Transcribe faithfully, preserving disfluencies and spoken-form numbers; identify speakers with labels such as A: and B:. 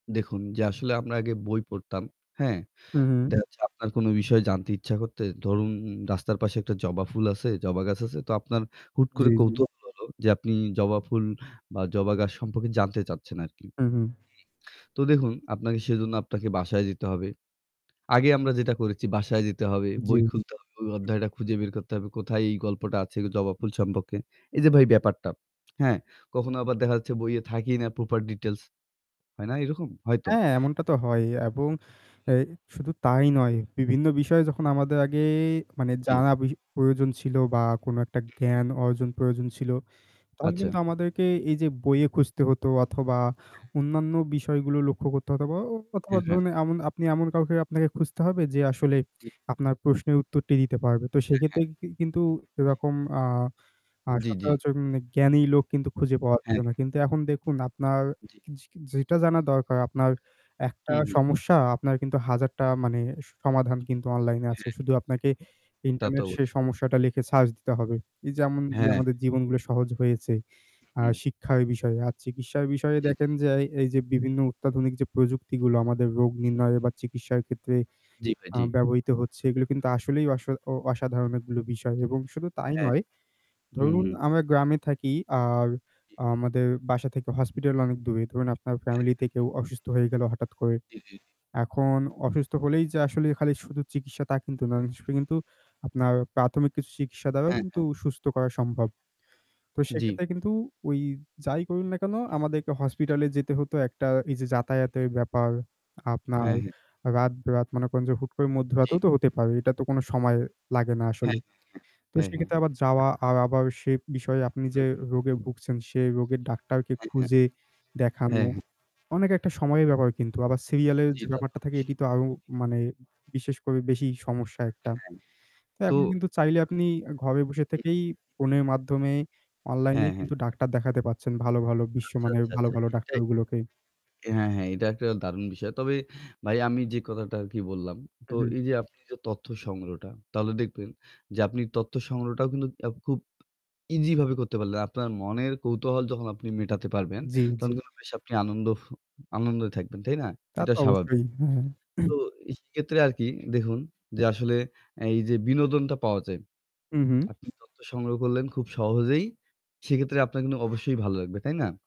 A: দেখুন, যে আসলে আমরা আগে বই পড়তাম, হ্যাঁ?
B: হু, হুম।
A: দেখা যাচ্ছে আপনার কোনো বিষয় জানতে ইচ্ছা করতে ধরুন, রাস্তার পাশে একটা জবা ফুল আছে, জবা গাছ আছে, তো আপনার হুট
B: জী,
A: করে
B: জী।
A: কৌতূহল হলো যে আপনি জবা ফুল বা জবা গাছ সম্পর্কে জানতে চাচ্ছেন আরকি।
B: হুম,
A: হুম
B: হুম।
A: তো দেখুন আপনাকে সেজন্য আপনাকে বাসায় যেতে হবে। আগে আমরা যেটা করেছি, বাসায় যেতে হবে।
B: জ্বী।
A: বই খুলতে হবে, ওই অধ্যায়টা খুঁজে বের করতে হবে, কোথায় এই গল্পটা আছে জবা ফুল সম্পক্কে। এই যে ভাই ব্যাপারটা, হ্যাঁ? কখনো আবার দেখা যাচ্ছে, বইয়ে থাকেই না প্রপার ডিটেইলস, হয় না এরকম? হয় তো।
B: হ্যাঁ, এমনটা তো হয়ই, এবং আ শুধু তাই নয়, বিভিন্ন বিষয়ে যখন আমাদের আগে মানে
A: জী।
B: জানা
A: উহু।
B: বেশি প্রয়োজন ছিল বা কোনো একটা জ্ঞান অর্জন প্রয়োজন ছিল, তখন
A: আচ্ছা।
B: কিন্তু আমাদেরকে এই যে বইয়ে খুঁজতে হতো, অথবা
A: হ্যাঁ।
B: অন্যান্য বিষয়গুলো লক্ষ্য করতে হতো, অথবা
A: এ
B: অথবা
A: হ্যাঁ।
B: ধরুন এমন, আপনি এমন কাউকে আপনাকে খুঁজতে হবে যে আসলে
A: জী।
B: আপনার প্রশ্নের উত্তরটি দিতে পারবে। তো সেই
A: হ্যাঁ, হ্যাঁ। জী।
B: ক্ষেত্রে কি কিন্তু এরকম আ আ
A: জী, জী।
B: সচরাচর জ্ঞানী লোক কিন্তু খুঁজে পাওয়া
A: হ্যাঁ,
B: যায় না।
A: হ্যাঁ।
B: কিন্তু এখন দেখুন, আপনার
A: জী।
B: কিজ কিজ যেটা জানা দরকার, আপনার
A: হু,
B: একটা
A: হু।
B: সমস্যা, আপনার কিন্তু হাজারটা মানে সমাধান কিন্তু অনলাইনে আছে।
A: হ্যাঁ।
B: শুধু আপনাকে
A: তা, তো
B: ইন্টারনেট সে
A: অবশ্যই।
B: সমস্যাটা লিখে সার্চ দিতে হবে। এই যেমন যে
A: হ্যাঁ।
B: আমাদের জীবনগুলো সহজ হয়েছে, আ
A: হু।
B: শিক্ষার বিষয়ে আর চিকিৎসার বিষয়ে,
A: জী, জী।
B: দেখেন যে এই এই যে বিভিন্ন অত্যাধুনিক প্রযুক্তিগুলো আমাদের রোগ
A: হু,
B: নির্ণয়ে বা চিকিৎসার ক্ষেত্রে
A: হু। জী ভাই।
B: আ
A: জী।
B: ব্যবহৃত হচ্ছে, এগুলো কিন্তু আসলেই অসো ও অসাধারণ অনেকগুলো বিষয় এবং শুধু তাই
A: হ্যাঁ।
B: নয়। ধরুন
A: উহু।
B: আমরা গ্রামে থাকি আর
A: জী।
B: আমাদের বাসা থেকে হসপিটাল অনেক দূরে। ধরুন আপনার
A: হ্যাঁ,
B: ফ্যামিলিতে
A: হ্যাঁ, না।
B: কেউ অসুস্থ হয়ে গেলো হঠাৎ করে,
A: জী, জী, জী।
B: এখন অসুস্থ হলেই যে আসলে খালি শুধু চিকিৎসা, তা কিন্তু নয়।
A: হ্যাঁ,
B: অনেক
A: হ্যাঁ।
B: সময় কিন্তু আপনার প্রাথমিক কিছু চিকিৎসা দ্বারাও
A: হ্যাঁ,
B: কিন্তু
A: হ্যাঁ।
B: সুস্থ করা সম্ভব। তো
A: জী।
B: সেক্ষেত্রে কিন্তু ওই যাই করুন না কেন,
A: হু,
B: আমাদেরকে
A: জি।
B: হসপিটালে যেতে হতো, একটা এই যে
A: হু,
B: যাতায়াতের
A: হু।
B: ব্যাপার, আপনার
A: হ্যাঁ, হ্যাঁ।
B: রাত-বেরাত, মনে করেন যে হুট করে মধ্যরাতেও
A: জী।
B: তো হতে পারে। এটা তো কোনো সময় লাগে না আসলে।
A: হ্যাঁ, হ্যাঁ,
B: তো
A: হ্যাঁ। হ্যাঁ, হ্যাঁ।
B: সেক্ষেত্রে আবার যাওয়া আর আবার সে বিষয়ে আপনি
A: হু।
B: যে রোগে ভুগছেন, সে রোগের ডাক্তারকে
A: হ্যাঁ, হ্যাঁ। [unintelligible] হ্যাঁ,
B: খুঁজে দেখানো,
A: হ্যাঁ।
B: অনেক একটা সময়ের ব্যাপার কিন্তু। আবার সিরিয়ালে
A: জী।
B: যে
A: তা, তো
B: ব্যাপারটা থাকে,
A: অবশ্যই।
B: এটি তো আরো মানে বিশেষ করে বেশি সমস্যা একটা।
A: হ্যাঁ।
B: তো
A: তো
B: এখন কিন্তু চাইলে আপনি ঘরে বসে
A: হু।
B: থেকেই ফোনের মাধ্যমে
A: হ্যাঁ,
B: অনলাইনেই
A: হ্যাঁ।
B: কিন্তু ডাক্তার দেখাতে পাচ্ছেন। ভালো ভালো,
A: আচ্ছা,
B: বিশ্বমানের
A: আচ্ছা,
B: ভালো,
A: আচ্ছা
B: ভালো
A: এটাই।
B: ডাক্তারগুলোকে।
A: অ্যা হ্যাঁ, হ্যাঁ। এটা একটা দারুণ বিষয়। তবে, ভাই আমি যে কথাটা আরকি বললাম।
B: হু,
A: তো
B: হু।
A: এই যে আপনি যে তথ্য সংগ্রহটা, তাহলে দেখবেন যে আপনি তথ্য সংগ্রহটাও কিন্তু এব খুব ইজিভাবে করতে পারলেন। আপনার মনের কৌতূহল যখন আপনি মেটাতে পারবেন,
B: জী,
A: তখন
B: জী।
A: কিন্তু বেশ আপনি আনন্দ আনন্দে থাকবেন, তাই না?
B: তা
A: এটা
B: তো
A: স্বাভাবিক।
B: অবশ্যই, হু।
A: তো এই সেক্ষেত্রে আরকি দেহুন যে আসলে এই যে বিনোদনটা পাওয়া যায়।
B: হুম, হুম।
A: আপনি তথ্য সংগ্রহ করলেন খুব সহজেই। সেক্ষেত্রে আপনার কিন্তু অবশ্যই ভাল্লাগবে। তাই না?